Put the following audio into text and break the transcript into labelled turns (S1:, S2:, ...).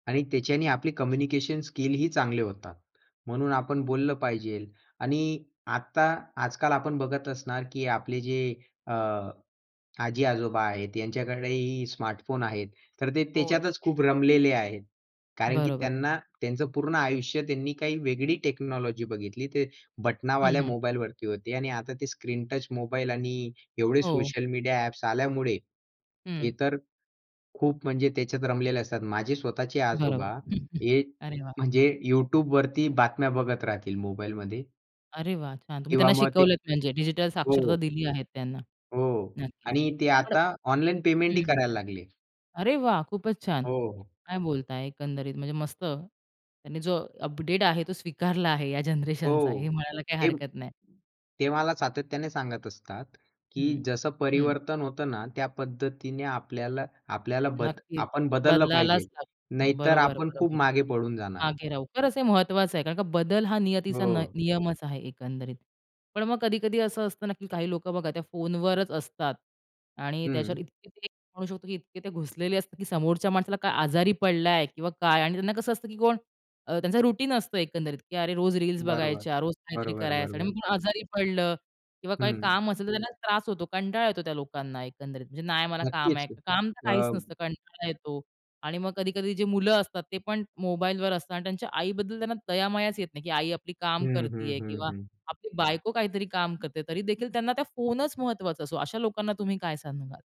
S1: आणि त्याच्याने आपले कम्युनिकेशन स्किलही चांगले होतात. म्हणून आपण बोललं पाहिजे आणि आत्ता आजकाल आपण बघत असणार, की आपले जे अ, आजी-आजोबा आहेत यांच्याकडेही स्मार्टफोन आहेत. तर ते
S2: हो ना.
S1: त्याच्यातच खूप रमलेले आहेत. कारण की
S2: बरोबर.
S1: त्यांना त्यांचं पूर्ण आयुष्य त्यांनी काही वेगळी टेक्नॉलॉजी बघितली. ते
S2: हं,
S1: बटनावाल्या
S2: हं.
S1: मोबाईलवरती होते आणि आता ते स्क्रीनटच मोबाईल आणि एवढे
S2: हो.
S1: सोशल मीडिया ॲप्स आल्यामुळे, हे
S2: हं.
S1: तर खूप म्हणजे त्याच्यात रमलेले असतात. माझे स्वतःचे
S2: बरोबर.
S1: आजोबा हे
S2: अरे वाह!
S1: म्हणजे YouTubeवरती बातम्या बघत राहतील मोबाईलमध्ये.
S2: अरे वाह! छान तुम्ही
S1: किंवा
S2: त्यांना
S1: मग ते
S2: शिकवलत म्हणजे डिजिटल साक्षरता
S1: हो.
S2: दिली आहे त्यांना.
S1: हो
S2: नक्कीच
S1: आणि ते
S2: पण
S1: आता ऑनलाईन पेमेंट ही
S2: हं, हं.
S1: करायला लागले.
S2: अरे वाह! खूपच छान.
S1: हो.
S2: काय बोलताय? एकंदरीत म्हणजे मस्त. त्यांनी जो अपडेट आहे तो स्वीकारला आहे या
S1: हो
S2: जनरेशनचा हे म्हणायला काही
S1: ते
S2: हरकत नाही.
S1: ते मला सातत्याने सांगत असतात, की
S2: हं.
S1: जसं
S2: हं.
S1: परिवर्तन होतं ना त्या पद्धतीने आपल्याला आपल्याला बद
S2: नक्कीच
S1: आपण बदललं पाहिजे.
S2: बदलायलाच [unintelligible]
S1: नाहीतर आपण खूप
S2: बरोबर-बरोबर.
S1: मागे पडून जाणार.
S2: मागे राहू. खरचं हे महत्वाचं आहे. कारण का बदल हा नियतीचा न न
S1: हो.
S2: नियमच आहे एकंदरीत. पण मग कधी-कधी असं असतं, ना की काही लोकं बघा त्या फोनवरच असतात आणि त्याच्यावर
S1: हं.
S2: इतके ते म्हणू शकतो की इतके ते घुसलेले असतात की समोरच्या माणसाला काय आजारी पडलाय किंवा काय आणि त्यांना कसं असतं की कोण अ, त्यांचं रूटीन असतं एकंदरीत की अरे रोज रील्स
S1: बरोबर.
S2: बघायच्या, रोज काहीतरी करायचं आणि
S1: बरोबर-बरोबर.
S2: मग कोण आजारी पडलं किंवा काही
S1: हं.
S2: काम असेल तर त्यांना त्रास होतो. कंटाळा येतो त्या लोकांना एकंदरीत. म्हणजे नाय मला काम
S1: नक्कीच.
S2: आहे.
S1: हं,
S2: काम तर काहीच
S1: अ
S2: नसतं कंटाळा येतो. आणि मग कधी-कधी जे मुलं असतात ते पण मोबाईलवर असतात आणि त्यांच्या आईबद्दल त्यांना दया-मायाच येत नाही, की आई आपली काम
S1: हं, हं,
S2: करतीये
S1: हं,
S2: किंवा
S1: हं.
S2: आपली बायको काहीतरी काम करते. तरी देखील त्यांना त्या फोनच महत्वाचा असतो, अशा लोकांना तुम्ही काय सांगाल?